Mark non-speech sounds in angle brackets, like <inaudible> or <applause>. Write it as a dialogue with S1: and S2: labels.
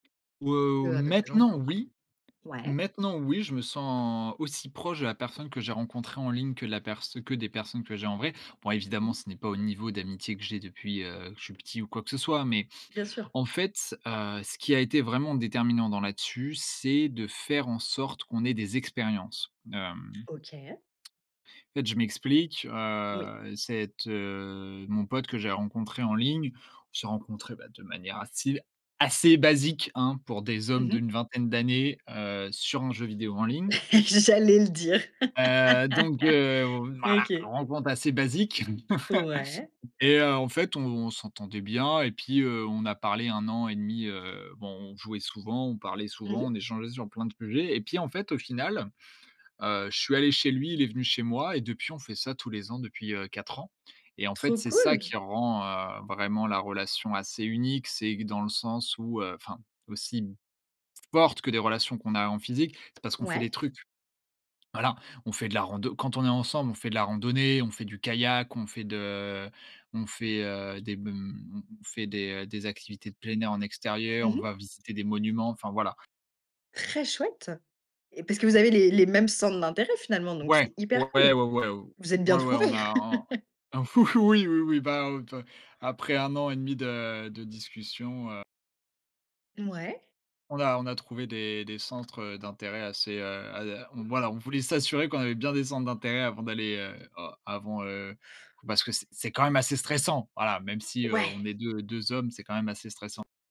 S1: Ouais,
S2: Que
S1: ou
S2: avec des gens
S1: maintenant
S2: en
S1: oui
S2: vrai. Ouais.
S1: maintenant oui, je me sens aussi proche de la personne que j'ai rencontrée en ligne que la pers que des personnes que j'ai en vrai. Bon
S2: Mmh
S1: évidemment,
S2: mh.
S1: ce n'est pas au niveau d'amitié que j'ai depuis, heu, que je suis petit ou quoi que ce soit, mais
S2: Bien sûr.
S1: en fait, heu, ce qui a été vraiment déterminant dans là-dessus, c'est de faire en sorte qu'on ait des expériences. Hem
S2: OK.
S1: fait, je m'explique,
S2: Oui.
S1: heu, cette, heu, mon pote que j'ai rencontré en ligne. On s'est rencontré bah de manière à style assez basique hein, pour des
S2: Mmh
S1: hommes
S2: mh.
S1: d'une vingtaine d'années, heu, sur un jeu vidéo en ligne.
S2: <chuckles> J'allais le dire.
S1: Heu, donc, heu,
S2: <laughs>
S1: voilà
S2: OK.
S1: rencontre assez basique
S2: Ouais.
S1: <chuckles> et heu, en fait, on s'entendait bien, et puis, heu, on a parlé 1 an et 1/2, heu, bon, on jouait souvent, on parlait
S2: Mmh
S1: souvent,
S2: mh.
S1: on échangeait sur plein de sujets, et puis en fait, au final, heu, je suis allé chez lui, il est venu chez moi et depuis, on fait ça tous les ans, depuis, heu, 4 ans, et en fait,
S2: Trop
S1: c'est ça
S2: cool.
S1: qui rend, heu, vraiment la relation assez unique. C'est que dans le sens où, heu, enfin aussi m forte que des relations qu'on a en physique, c'est parce qu'on fait des
S2: Ouais.
S1: trucs. Voilà, on fait de la rando quand on est ensemble, on fait de la randonnée, on fait du kayak, on fait de on fait, heu, des b mmh, on fait des, heu, des activités de plein air en extérieur,
S2: Mmh
S1: on
S2: mh.
S1: va visiter des monuments, enfin voilà.
S2: Très chouette, et parce que vous avez les les mêmes centres d'intérêt finalement, donc c'est
S1: Ouais, ouais,
S2: hyper
S1: ouais,
S2: cool.
S1: ouais, ouais,
S2: Vous êtes bien
S1: ouais, ouais on
S2: trouvés.
S1: a en
S2: <chuckles>
S1: un fou <chuckles> oui, oui, oui, bah, heu, pe après 1 an et 1/2 de de discussion, heu
S2: Mouais.
S1: On a on a trouvé des des centres, heu, d'intérêt assez, heu, à voilà, on voulait s'assurer qu'on avait bien des centres d'intérêt avant d'aller, heu, oh, avant, heu, parce que c'est c'est quand même assez stressant voilà, même si, heu, on
S2: Ouais.
S1: est deu deux hommes, c'est quand même assez stressant.